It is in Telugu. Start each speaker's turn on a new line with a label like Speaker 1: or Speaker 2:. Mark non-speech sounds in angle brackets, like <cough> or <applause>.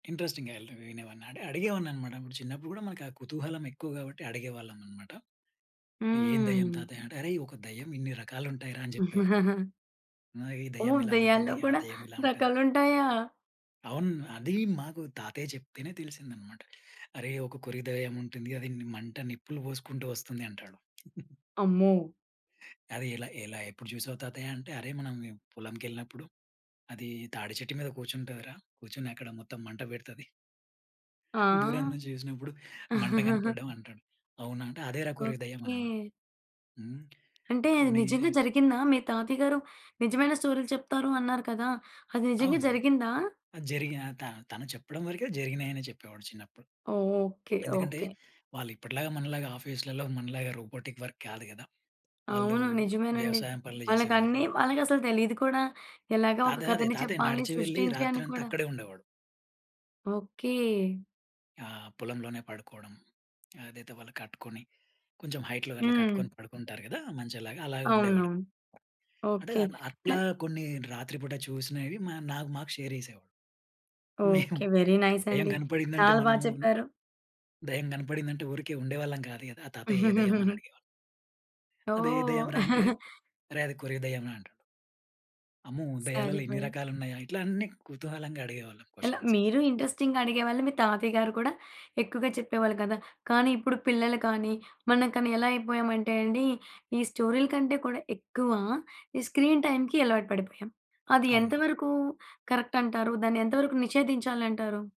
Speaker 1: ఇంట్రెస్టింగ్‌గా యల్త వినేవాడిన అడిగేవాడిననమాట. ఆ చిన్నప్పుడు గూడా మనకా కుతూహలం ఎక్కువ గాబట్టి అడిగేవాళ్ళమనమాట. అంటే ఏం దెయ్యం
Speaker 2: హ్మ్.
Speaker 1: తాతయ్య అంటే "అరేయ్! ఒక దెయ్యం ఇన్ని రకాలుంటాయిరా" అని జెప్పేవాడు.
Speaker 2: <giggles>
Speaker 1: నా ఈ దెయ్యం
Speaker 2: ఓహ్!
Speaker 1: ఇలా
Speaker 2: దెయ్యాల్లో
Speaker 1: ఉంటుంది. ఆ
Speaker 2: గూడా
Speaker 1: దెయ్యం ఇలా ఉంటుంది.
Speaker 2: రకాలుంటాయా?
Speaker 1: అవును. అదీ మాకు తాతయ్య చెప్తేనే తెలిసిందనమాట. "అరేయ్! ఒక కొరివి దెయ్యం ఉంటుంది అది ని మంట నిప్పులు బోసుకుంటూ వస్తుంది" అంటాడు. <chuckles>
Speaker 2: అమ్మో!
Speaker 1: అది, ఎలా ఎలా ఎప్పుడు చూసావు తాతయ్య అంటే, "అరేయ్! మనం పొలంకెళ్ళినప్పుడు, అది తాడి చెట్టు మీద కూర్చుంటదిరా, కూర్చొని అక్కడ మొత్తం మంట బెడతది." దూరం
Speaker 2: ఆ!
Speaker 1: నుంచి జూసినప్పుడు మంట
Speaker 2: <giggles>
Speaker 1: కనపడ్డం అంటాడు. అవునా! అంటే అదేరా కోరివి దెయ్యం అనేవాడు.
Speaker 2: ఓకే.
Speaker 1: హ్మ్.
Speaker 2: అంటే అది
Speaker 1: కొన్నీ
Speaker 2: నిజంగా జరిగిందా? మీ తాతయ్య గారు నిజమైన స్టోరీలు చెప్తారు అన్నారు కదా! అది నిజంగా
Speaker 1: అవును.
Speaker 2: జరిగిందా?
Speaker 1: అది జరిగిన త తను చెప్పడం వరికే జరిగినాయనే చెప్పేవాడు చిన్నప్పుడు.
Speaker 2: ఓకే.
Speaker 1: ఎందుకంటే,
Speaker 2: ఓకే.
Speaker 1: వాళ్ళు ఇప్పటిలాగా మనలాగా ఆఫీస్‌లలో మనలాగా రోబోటిక్ వర్క్ కాదు గదా! వాళ్ళూ
Speaker 2: అవును. నిజమేనండి.
Speaker 1: వ్యవసాయం పనులు జేసేవారు.
Speaker 2: వాళ్ళకన్నీ, వాళ్ళకసలు తెలీదు కూడా, ఎలాగ
Speaker 1: తాత
Speaker 2: ఒక
Speaker 1: గాదే
Speaker 2: కథని
Speaker 1: తాతయ్య
Speaker 2: చెప్పాలి,
Speaker 1: నడిచి వెళ్లి
Speaker 2: సృష్టించి అని
Speaker 1: రాత్రంతా
Speaker 2: కూడా.
Speaker 1: అక్కడే ఉండేవాడు.
Speaker 2: ఓకే.
Speaker 1: ఆ! పొలంలోనే పడుకోడం. అదైతే వాళ్ళు కట్టుకొని, కొంచేం హైట్‌లో అట్లా కట్టుకొని
Speaker 2: హ్మ్.
Speaker 1: పడుకుంటారు గదా! మంచంలాగా, అలాగే
Speaker 2: అవును.
Speaker 1: ఉండేవాడు. అంటే
Speaker 2: ఓకే.
Speaker 1: అ
Speaker 2: క
Speaker 1: అట్లా కొన్ని రాత్రి పూట చూసినవి మ నాకు మాకు షేర్ జేసేవాడు.
Speaker 2: ఓకే.
Speaker 1: <chuckles> మేము
Speaker 2: వెరీ
Speaker 1: దెయ్యం
Speaker 2: నైసండి.
Speaker 1: కనపడిందంటే
Speaker 2: చాలా బా
Speaker 1: మనము
Speaker 2: చెప్పారు.
Speaker 1: దెయ్యం కనపడిందంటే ఊరికే ఉండేవాళ్ళం కాదు గదా! ఆ తాతయ్య ఏ దయ్యమని
Speaker 2: <giggles>
Speaker 1: అడిగేవాళ్ళం. అదే దెయ్యం
Speaker 2: ఓహ్!
Speaker 1: రా! అంటే,
Speaker 2: <giggles>
Speaker 1: అరే! అది కోరివి దెయ్యంరా అంటాడు. అమ్మో! దెయ్యాలలో ఇన్ని
Speaker 2: సరిపోయింది.
Speaker 1: రకాలున్నాయా ఇట్లా అన్నీ కుతూహలంగా అడిగేవాళ్ళం
Speaker 2: ఎలా,
Speaker 1: క్వశ్చన్స్
Speaker 2: మీరూ ఇంట్రెస్టింగ్‌గా అడిగేవాళ్ళు, మీ తాతయ్య గారు కూడా ఎక్కువగా చెప్పేవాళ్ళు గదా! కానీ ఇప్పుడు పిల్లలు కానీ, మనం కానీ, ఎలా అయిపోయామంటే అండి, ఈ స్టోరీ‌ల కంటే కూడా ఎక్కువ, ఈ స్క్రీన్ టైమ్‌కి అలవాటు పడిపోయాం. అది ఎంత
Speaker 1: అవును.
Speaker 2: వరకూ కరక్ట్ అంటారు? దాన్ని ఎంత వరకు నిషేధించాలంటారు?